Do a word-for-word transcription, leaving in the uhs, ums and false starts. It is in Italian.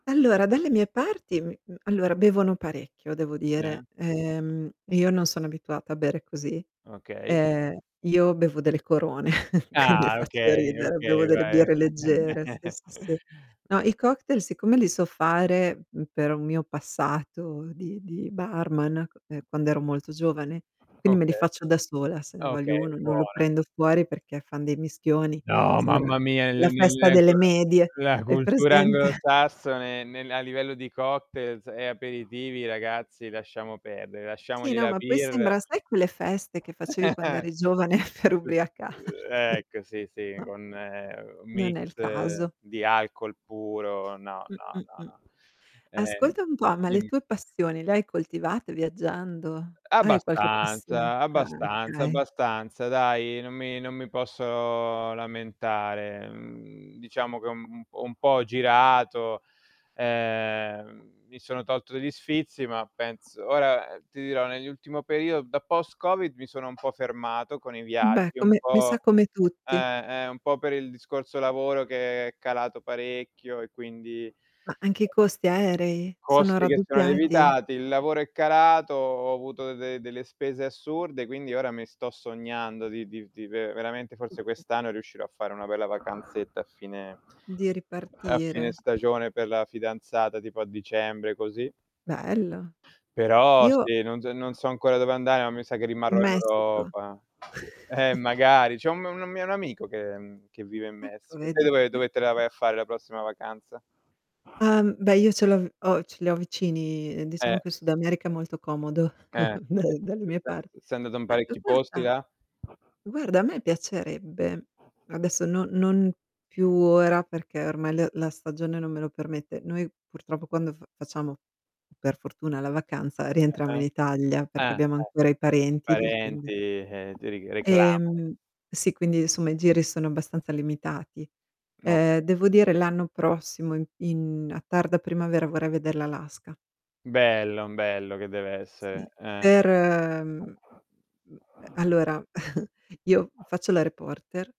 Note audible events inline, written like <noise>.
Allora dalle mie parti, mhmm, mhmm, allora bevono parecchio devo Eh. dire. Ehm, Io non sono abituata a bere così. Okay. Ehm, io bevo delle corone, <chuckles> quindi Ah, faccio okay, ridere, okay, bevo delle vai. birre leggere, sì, <chuckles> sì, sì. No, i cocktail siccome li so fare, mhmm, per un mio passato di di barman, q ehm, quando ero molto giovane, quindi me li Okay. faccio da sola se ne voglio Okay, uno, non lo buona. prendo fuori perché fan dei mischioni, No, sembra l mamma l mia, la le nel festa delle <unintelligible> medie, la hai cultura presente? anglosassone nel a livello di cocktails e aperitivi ragazzi lasciamo perdere, Sì, lasciamogli no, la ma poi birra sembra, sai quelle feste che <chuckles> facevi quando <unintelligible> uhm, eri giovane per ubriacarti? ecco sì, sì No? con, ehm, un Non mix è il caso. di alcol puro, no, Mh, no, mh, no, mh. no. Ehm, Ascolta un po', ma le dimmi. tue passioni le hai coltivate viaggiando? E eh, Hai qualche passione? abbastanza, Ah abbastanza, okay. abbastanza dai non mi non mi posso lamentare. Mhmm, diciamo che ho un ho un po' ho girato, ehm, mi sono tolto degli sfizi ma penso ora, ehm, ti dirò nell'ultimo perio da post Covid mi sono un po' fermato con i Beh viaggi, un come mi sa po' come tutti. eh, eh, un po' per il discorso lavoro, che è calato parecchio e quindi Ma anche i costi aerei, sono Costi che sono raddoppiati. lievitati, il lavoro è calato, ho avuto de delle spese assurde quindi ora mi sto sognando di di di ve veramente forse <unintelligible> quest'anno riuscirò a fare una bella vacanzetta a fine Di a fine ripartire. stagione per la fidanzata, tipo a dicembre, così. Bello. Però Io sì, non zo non so ancora dove andare, ma mi sa che Mhmm, rimarrò in in Messico. Europa. Eh, <chuckles> magari c'è un m una mia un amico che ehm, che vive in Ecco Messico. Te vedi. dove dove te la vai a fare la prossima vacanza? Ah, mhmm, beh io ce l'ho v ho ce li ho vicini, diciamo Eh. che il Sud America è molto comodo, Eh, <chuckles> dal <unintelligible> dalle mie par sei andata in Ah, l parecchi posti guarda là? guarda a me piacerebbe, adesso no non più ora perché ormai l la stagione non me lo permette. Noi purtroppo quando f facciamo, per fortuna la vacanza, rientriamo in Ah-ah. Italia, perché Ah, abbiamo eh. ancora i parenti lì quindi Parenti, ehm, ti ri reclamano. Ehm, sì quindi insomma i giri sono abbastanza limitati. Ehm, Okay. devo dire l'anno prossimo in in a tarda primavera vorrei veder l'Alaska. Bello, m bello che deve Sì, essere, per mhmm, mhmm, ehm, eh. allora <chuckles> io faccio la reporter.